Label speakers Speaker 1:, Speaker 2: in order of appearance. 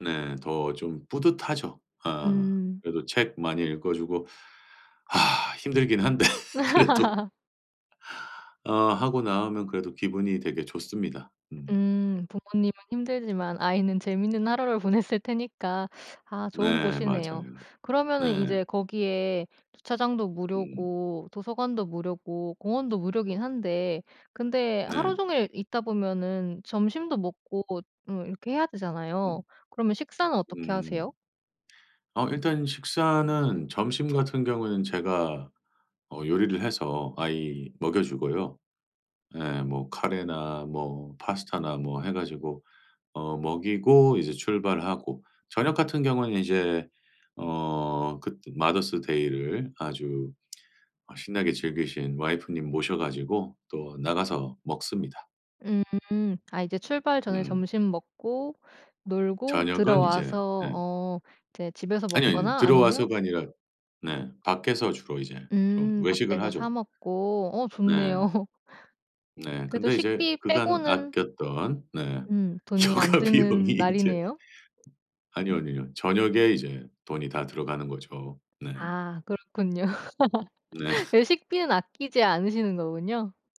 Speaker 1: 네. 더 좀 뿌듯하죠. 어
Speaker 2: 음.
Speaker 1: 그래도 책 많이 읽어 주고. 힘들긴 한데 그래도. 어 하고 나오면 그래도 기분이 되게 좋습니다. 음.
Speaker 2: 음 부모님은 힘들지만 아이는 재미있는 하루를 보냈을 테니까. 아 좋은
Speaker 1: 네,
Speaker 2: 곳이네요.
Speaker 1: 맞아요.
Speaker 2: 그러면은
Speaker 1: 네.
Speaker 2: 이제 거기에 주차장도
Speaker 1: 음.
Speaker 2: 무료고 도서관도 무료고 공원도 무료이긴 한데 근데
Speaker 1: 네.
Speaker 2: 하루 종일 있다 보면은 점심도 먹고 음 이렇게 해야 되잖아요.
Speaker 1: 음.
Speaker 2: 그러면 식사는 어떻게
Speaker 1: 음.
Speaker 2: 하세요?
Speaker 1: 어 일단 식사는 점심 같은 경우는 제가 어 요리를 해서 아이 먹여 주고요. 예, 뭐 카레나 뭐 파스타나 뭐 해 가지고 어 먹이고 이제 출발하고. 저녁 같은 경우엔 이제 어 그 띠 마더스 데이를 아주 아 신나게 즐기신 와이프님 모셔 가지고 또 나가서 먹습니다.
Speaker 2: 음. 아 이제 출발 전에
Speaker 1: 음.
Speaker 2: 점심 먹고 놀고
Speaker 1: 저녁은 이제
Speaker 2: 들어와서
Speaker 1: 예.
Speaker 2: 어 이제 집에서
Speaker 1: 아니 아니요.
Speaker 2: 먹거나 아니면
Speaker 1: 들어와서가 아니라 네. 밖에서 주로 이제 좀
Speaker 2: 음.
Speaker 1: 외식을
Speaker 2: 밖에서 사
Speaker 1: 하죠.
Speaker 2: 먹고. 어
Speaker 1: 네.
Speaker 2: 좋네요.
Speaker 1: 네,
Speaker 2: 그래도
Speaker 1: 근데 이제
Speaker 2: 식비
Speaker 1: 그간
Speaker 2: 빼고는
Speaker 1: 아꼈던 네.
Speaker 2: 음 돈이 안
Speaker 1: 휴가 비용이
Speaker 2: 드는
Speaker 1: 이제
Speaker 2: 날이네요.
Speaker 1: 아니요, 아니요. 저녁에 이제 돈이 다 들어가는 거죠. 네.
Speaker 2: 아 그렇군요.
Speaker 1: 네.
Speaker 2: 외식비는 아끼지 않으시는 거군요.